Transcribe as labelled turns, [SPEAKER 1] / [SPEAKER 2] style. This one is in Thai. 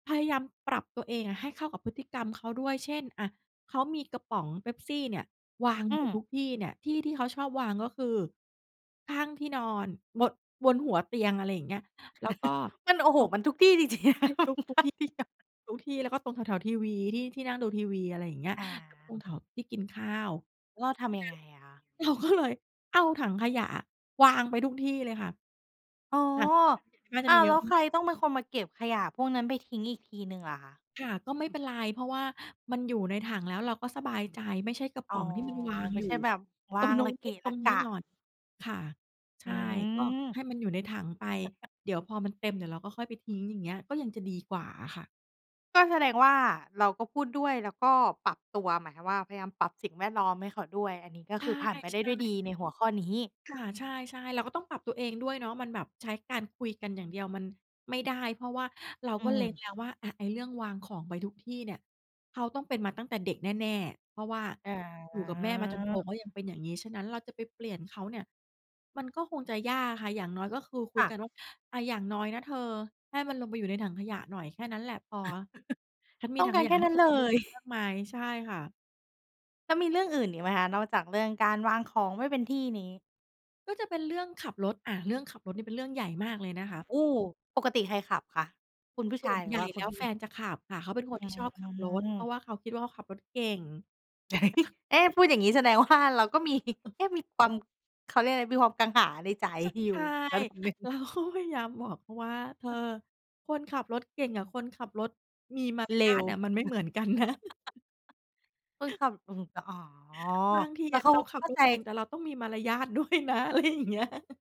[SPEAKER 1] พยายามปรับตัวเองอะให้เข้ากับพฤติกรรมเขาด้วย เช่น อะ เขามีกระป๋องเป๊ปซี่เนี่ยวาง
[SPEAKER 2] อื
[SPEAKER 1] อยู่
[SPEAKER 2] ม
[SPEAKER 1] ทุกที่เนี่ย ที่ที่เขาชอบวางก็คือข้างที่นอน บน บนหัวเตียง อะไรอย่างเงี้ย แล้วก็
[SPEAKER 2] มัน โอ้
[SPEAKER 1] ต
[SPEAKER 2] โฮ
[SPEAKER 1] รง
[SPEAKER 2] มันทุกที่ จริง ๆ
[SPEAKER 1] ใช่ ทุก ๆ ที่ ทุกที่แล้วก็ตรงแถว ๆ ทีวี ที่ ที่นั่งดูทีวี อะไรอย่างเงี้ย
[SPEAKER 2] อา
[SPEAKER 1] ตรงแถวที่กินข้าว
[SPEAKER 2] แล้วเราท
[SPEAKER 1] อือ
[SPEAKER 2] ำย
[SPEAKER 1] ฮ
[SPEAKER 2] ั
[SPEAKER 1] ึ
[SPEAKER 2] งไงอะคะ?
[SPEAKER 1] เราก็เลย เอาถังขยะอะวางไปทุกที่เลยค่ะ
[SPEAKER 2] อ๋อ
[SPEAKER 1] ค่ะ น่าจ
[SPEAKER 2] อ
[SPEAKER 1] ะ
[SPEAKER 2] ้
[SPEAKER 1] ม
[SPEAKER 2] า
[SPEAKER 1] ี
[SPEAKER 2] ว
[SPEAKER 1] เย
[SPEAKER 2] แล
[SPEAKER 1] อ
[SPEAKER 2] ้
[SPEAKER 1] ะ
[SPEAKER 2] วใครต้องเป็นคนมาเก็บขยะพวกนั้นไปทิ้งอีกทีหนึ่งล่ะคะ?
[SPEAKER 1] ค่ะ ก็ไม่เป็นไร เพราะว่ามันอยู่ในถังแล้วเราก็สบายใจ ไม่ใช่กระ
[SPEAKER 2] อ
[SPEAKER 1] ป
[SPEAKER 2] ๋อ
[SPEAKER 1] ๋องที่มันวาง
[SPEAKER 2] ไม่
[SPEAKER 1] อยู
[SPEAKER 2] ใ
[SPEAKER 1] ่
[SPEAKER 2] ช่แบบว
[SPEAKER 1] ต
[SPEAKER 2] า
[SPEAKER 1] รง
[SPEAKER 2] ง
[SPEAKER 1] นู้
[SPEAKER 2] ร
[SPEAKER 1] น
[SPEAKER 2] ะเก
[SPEAKER 1] นิด
[SPEAKER 2] ะ
[SPEAKER 1] ตร
[SPEAKER 2] ระ
[SPEAKER 1] ง
[SPEAKER 2] ก
[SPEAKER 1] นี้หน
[SPEAKER 2] ะ
[SPEAKER 1] ่อย ค่ะ ใช
[SPEAKER 2] อื
[SPEAKER 1] ่ ก็
[SPEAKER 2] ม
[SPEAKER 1] ให้มันอยู่ในถังไป เดี๋ยวพอมันเต็ม เดี๋ยวเราก็ค่อยไปทิ้ง อย่างเงี้ย ก็ยังจะดีกว่าอะค่ะ
[SPEAKER 2] ก็แสดงว่า เราก็พูดด้วยแล้วก็ปรับตัว หมายความว่า พยายามปรับสิ่งแวดล้อมให้เขาด้วย อันนี้ก็
[SPEAKER 1] ใ
[SPEAKER 2] คือผ่านไปได้
[SPEAKER 1] ช
[SPEAKER 2] ด้
[SPEAKER 1] ่
[SPEAKER 2] วยด
[SPEAKER 1] ๆ
[SPEAKER 2] ี ในหัวข้อนี้
[SPEAKER 1] ค่ะ ใช่ ๆ เราก็ต้องปรับตัวเองด้วยเนาะ มันแบบใช้การคุยกันอย่างเดียวมันไม่ได้ เพราะว่าเรา
[SPEAKER 2] อื
[SPEAKER 1] ก็เล็
[SPEAKER 2] ม
[SPEAKER 1] งแล้วว่า อะ ไอ้เรื่องวางของไปทุกที่เนี่ยเขาต้องเป็นมาตั้งแต่เด็กแน่ ๆ เพราะว่า
[SPEAKER 2] อ๋
[SPEAKER 1] อยู่กับแม่มาจนโต
[SPEAKER 2] อ
[SPEAKER 1] เขายังเป็นอย่างงี้ ฉะนั้น เราจะไปเปลี่ยนเขาเนี่ยมันก็คงจะยากค่ะ อย่างน้อยก็คือคุ
[SPEAKER 2] ค
[SPEAKER 1] ย
[SPEAKER 2] ่ะ
[SPEAKER 1] กันว่า "อะ อย่างน้อยนะเธอ ให้มันลงไปอยู่ในถังขยะหน่อย แค่นั้นแหละพอ ฉันมี
[SPEAKER 2] ต้อ
[SPEAKER 1] ถ
[SPEAKER 2] ง
[SPEAKER 1] ัง
[SPEAKER 2] ก
[SPEAKER 1] ข
[SPEAKER 2] าร
[SPEAKER 1] ย
[SPEAKER 2] แ
[SPEAKER 1] ะ
[SPEAKER 2] ค่
[SPEAKER 1] ให้
[SPEAKER 2] นั้
[SPEAKER 1] เธ
[SPEAKER 2] น
[SPEAKER 1] อ
[SPEAKER 2] เ
[SPEAKER 1] ไ
[SPEAKER 2] ล
[SPEAKER 1] ปทิ้
[SPEAKER 2] ย
[SPEAKER 1] งได้มากมาย" ใช่ค่ะ
[SPEAKER 2] แล้วมีเรื่องอื่นอีกไหมคะ? นอกจากเรื่องการวางของไม่เป็นที่นี้
[SPEAKER 1] ก็จะเป็นเรื่องขับรถ อะ เรื่องขับรถนี่เป็นเรื่องใหญ่มากเลยนะคะ
[SPEAKER 2] โอ้! ปกติใครขับคะ? คุณผู้ช
[SPEAKER 1] ส
[SPEAKER 2] า
[SPEAKER 1] ่ว
[SPEAKER 2] ย
[SPEAKER 1] น
[SPEAKER 2] หรื
[SPEAKER 1] ให
[SPEAKER 2] อ
[SPEAKER 1] ญ่
[SPEAKER 2] ว่าค
[SPEAKER 1] แ
[SPEAKER 2] ุ
[SPEAKER 1] ล
[SPEAKER 2] ณ
[SPEAKER 1] ้
[SPEAKER 2] ผ
[SPEAKER 1] ว
[SPEAKER 2] ู้ห
[SPEAKER 1] แ
[SPEAKER 2] ญ
[SPEAKER 1] ฟ
[SPEAKER 2] ิง
[SPEAKER 1] นจะขับค่ะ เขาเป็นคน
[SPEAKER 2] อื
[SPEAKER 1] ที่ชอบขับรถ เพ
[SPEAKER 2] ม
[SPEAKER 1] ราะว่าเขาคิดว่า เขาขับรถเก่ง
[SPEAKER 2] เอ๊ พูดอย่างงี้แสดง ว่า เราก็ มี เอ๊ะ มีความ เขาเรียกอะไร มีความกังขาในใจ
[SPEAKER 1] ช
[SPEAKER 2] อย
[SPEAKER 1] ใช
[SPEAKER 2] ู่
[SPEAKER 1] ่
[SPEAKER 2] ระดับหนึ่ง
[SPEAKER 1] เราก็พยายามบอก เขาว่า "เธอ คนขับรถเก่งกับคนขับรถมีมาร
[SPEAKER 2] เร
[SPEAKER 1] ย
[SPEAKER 2] ็
[SPEAKER 1] า
[SPEAKER 2] ว
[SPEAKER 1] ทเนี่ยมันไม่เหมือน กันนะ"
[SPEAKER 2] คือขับ อือฮึ ตะ อ๋อ
[SPEAKER 1] บางที
[SPEAKER 2] แล้
[SPEAKER 1] อ
[SPEAKER 2] ว
[SPEAKER 1] ะ
[SPEAKER 2] เขา
[SPEAKER 1] เรา
[SPEAKER 2] ก็
[SPEAKER 1] ขั
[SPEAKER 2] เ
[SPEAKER 1] บ
[SPEAKER 2] ข้า
[SPEAKER 1] ร
[SPEAKER 2] ใจ
[SPEAKER 1] ถเก่ง แต่เราต้องมีมารยาท ด้วยนะ อะไรอย่างเงี้ย